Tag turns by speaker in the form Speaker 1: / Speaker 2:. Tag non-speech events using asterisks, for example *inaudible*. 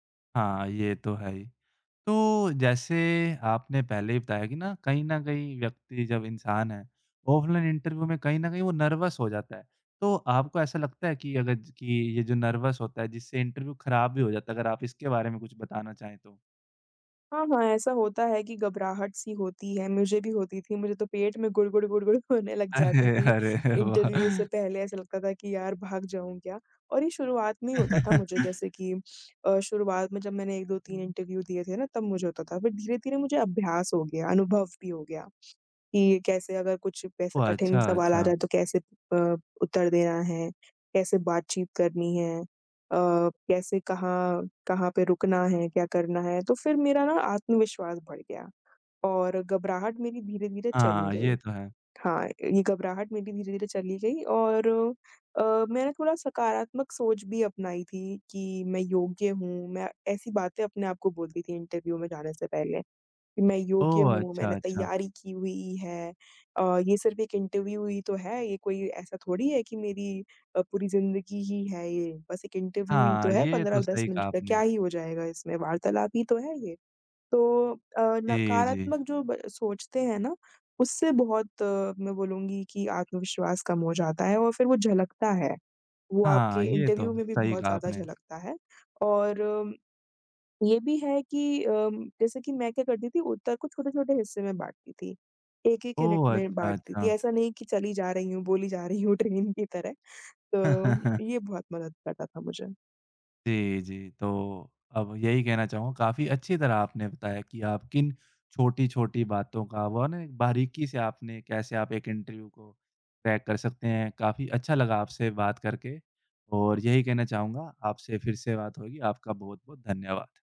Speaker 1: हाँ, ये तो है ही। तो जैसे आपने पहले ही बताया कि ना, कहीं न कहीं व्यक्ति जब इंसान है, ऑफलाइन इंटरव्यू में कहीं न कहीं वो नर्वस हो जाता है। तो आपको ऐसा लगता है कि अगर ज कि ये जो नर्वस होता है जिससे इंटरव्यू खराब भी हो जाता है, अगर आप इसके बारे में कुछ बताना चाहें तो?
Speaker 2: हाँ, हाँ। ऐसा होता है कि घबराहट-सी होती है, मुझे भी होती थी, मुझे तो पेट में गुडगुड-गुडगुड होने लग जाती
Speaker 1: अरे!
Speaker 2: थी।
Speaker 1: अरे!
Speaker 2: इंटरव्यू
Speaker 1: वाह!
Speaker 2: से पहले ऐसा लगता था कि यार! भाग जाऊँ क्या? और ये शुरुआत में ही होता था मुझे,
Speaker 1: *chuckles*
Speaker 2: जैसे कि अ, शुरुआत में जब मैंने 1-2-3 दिए थे ना तब मुझे होता था, फिर धीरे-धीरे मुझे अभ्यास हो गया, अनुभव भी हो गया, कि कैसे अगर कुछ ऐसा
Speaker 1: ओह!
Speaker 2: कठिन
Speaker 1: अच्छा,
Speaker 2: सवाल आ
Speaker 1: अच्छा।
Speaker 2: जाए तो कैसे अ, उत्तर देना है, कैसे बातचीत करनी है, अ, कैसे कहाँ, कहाँ पे रुकना है, क्या करना है, तो फिर मेरा ना आत्मविश्वास बढ़ गया और घबराहट मेरी धीरे-धीरे चली
Speaker 1: हाँ,
Speaker 2: गयी।
Speaker 1: ये तो है।
Speaker 2: हाँ, ये घबराहट मेरी धीरे-धीरे चली गयी और अ, मैंने थोड़ा सकारात्मक सोच भी अपनाई थी कि मैं योग्य हूँ मैं ऐसी बातें अपने आप को बोलती थी इंटरव्यू में जाने से पहले, "मैं योग्य
Speaker 1: ओह!
Speaker 2: हूँ,
Speaker 1: अच्छा,
Speaker 2: मैंने
Speaker 1: अच्छा।
Speaker 2: तैयारी की हुई है, अ, ये सिर्फ़ एक इंटरव्यू ही तो है ये कोई ऐसा थोड़ी है कि मेरी अ, पूरी ज़िंदगी ही है ये। बस एक इंटरव्यू ही तो
Speaker 1: हाँ,
Speaker 2: है
Speaker 1: ये
Speaker 2: पंद्रह
Speaker 1: तो
Speaker 2: दस
Speaker 1: सही कहा
Speaker 2: मिनट तक, क्या
Speaker 1: आपने।
Speaker 2: ही हो जाएगा इसमें, वार्तालाप ही तो है ये।" तो अ,
Speaker 1: जी, जी।
Speaker 2: नकारात्मक जो ब सोचते हैं ना, उससे बहुत मैं बोलूँगी कि आत्मविश्वास कम हो जाता है और फिर वो झलकता है। वो आपके
Speaker 1: हाँ, ये तो
Speaker 2: इंटरव्यू में भी
Speaker 1: सही
Speaker 2: बहुत
Speaker 1: कहा
Speaker 2: ज़्यादा
Speaker 1: आपने।
Speaker 2: झलकता है और ये भी है कि उम, जैसे कि मैं क्या करती थी, उत्तर को छोटे-छोटे हिस्से में बाँटती थी। 1-1 यूनिट
Speaker 1: ओह!
Speaker 2: में
Speaker 1: अच्छा,
Speaker 2: बाँटती थी।
Speaker 1: अच्छा।
Speaker 2: ऐसा नहीं की चली जा रही हूँ, बोली जा रही हूँ ट्रेन की तरह,
Speaker 1: *chuckles*
Speaker 2: तो ये बहुत मदद करता था मुझे।
Speaker 1: जी, जी। तो अब यही कहना चाहूँगा, काफ़ी अच्छी तरह आपने बताया कि आप किन छोटी-छोटी बातों का वो है ना एक बारीकी से आपने कैसे आप एक इंटरव्यू को क्रैक कर सकते हैं। काफ़ी अच्छा लगा आपसे बात करके और यही कहना चाहूँगा आपसे फिर से बात होगी। आपका बहुत-बहुत धन्यवाद।